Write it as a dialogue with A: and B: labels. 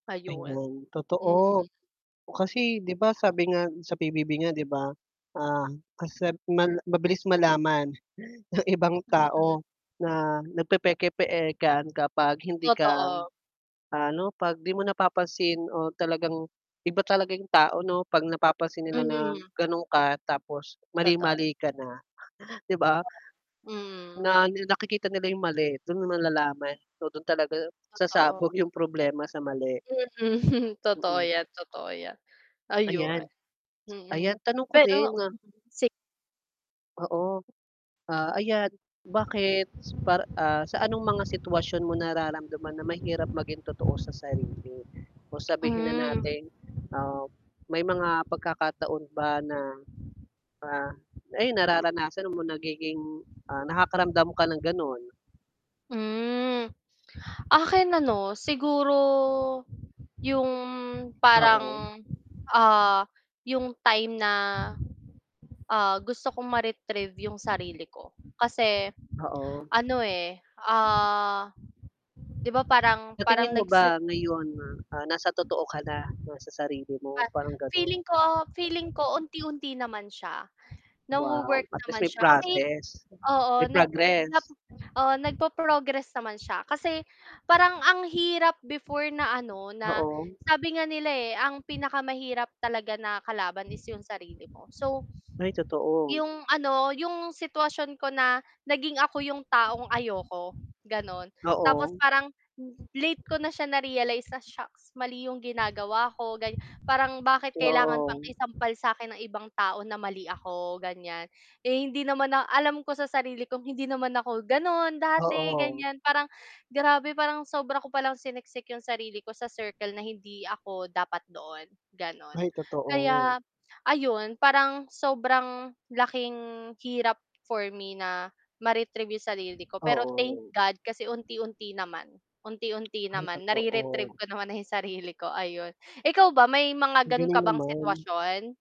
A: Ayun,
B: Ayun, totoo,
A: mm.
B: oh, kasi, 'di ba, sabi nga sa PBB nga, 'di ba, ah, kasi mal mabilis malaman ng ibang
A: Mm.
B: tao na nagpepeke-pekean kapag hindi ka,
A: Totoo.
B: ano, 'pag 'di mo napapansin o talagang iba talaga 'yung tao, 'no, pag napapansin nila na,
A: Hmm.
B: ganun ka, tapos
A: Toto
B: mali-mali ka na, 'di ba?
A: Hmm.
B: Na na nakikita nila yung mali dun mo malalaman. So, dun talaga
A: Totoo.
B: sasabog yung problema sa mali.
A: Mm, totoo
B: Mm.
A: yan, totoo yan. Ayun,
B: Ayan,
A: mm,
B: ayan tanong ko
A: pero
B: din.
A: [unintelligible] si
B: Oo, ah, ayan, bakit par ah, sa anong mga sitwasyon mo nararamdaman na mahirap maging totoo sa sarili o sabihin na
A: Hmm.
B: natin, ah, may mga pagkakataon ba na, ah, ay, nararanasan mo nagiging, ah, nakakaramdam ka ng gano'n?
A: Hmm, akin, ano, siguro yung
B: Oo.
A: parang, ah, yung time na, ah, gusto kong mare-retrieve yung sarili ko kasi,
B: Oo.
A: ano, eh, ah, 'di ba, parang
B: Sa
A: parang
B: tingin mo ba
A: nags
B: ngayon, ah, nasa totoo ka na, na, 'no, sa sarili mo
A: Pa
B: parang, gano'n.
A: feeling ko, feeling ko unti-unti naman siya,
B: Wow,
A: nawo-work
B: at least
A: naman
B: may
A: siya kasi
B: process
A: oo,
B: may
A: nag nap
B: progress.
A: oo, nagpo-progress naman siya kasi parang ang hirap before na, ano, na
B: Oo.
A: sabi nga nila, eh, ang pinakamahirap talaga na kalaban is yung sarili mo, so
B: Ay, totoo.
A: 'Yung, ano, 'yung sitwasyon ko na naging ako yung taong ayoko, gano'n. Tapos
B: Oo.
A: parang l late ko na siya na-realize na "Shocks, mali yung ginagawa ko." Gan parang bakit kailangan pang
B: Oo.
A: isampal sa akin ng ibang tao na mali ako, ganyan. Eh, hindi naman na alam ko sa sarili kong hindi naman ako, gano'n, dati
B: Oo.
A: ganyan, parang grabe, parang sobra ko palang siniksik 'yong sarili ko sa circle na hindi ako dapat doon, gano'n.
B: Ay, totoo.
A: Kaya ayun, parang sobrang laking hirap for me na ma-retrieve 'yong sarili ko, pero thank
B: Oo.
A: God kasi unti-unti naman, unti-unti
B: Ay,
A: naman nare-retrieve
B: totoo.
A: ko naman na 'yong sarili ko. Ayon, ikaw ba may mga
B: Ang
A: gano'n
B: galing
A: ka bang
B: naman.
A: sitwasyon?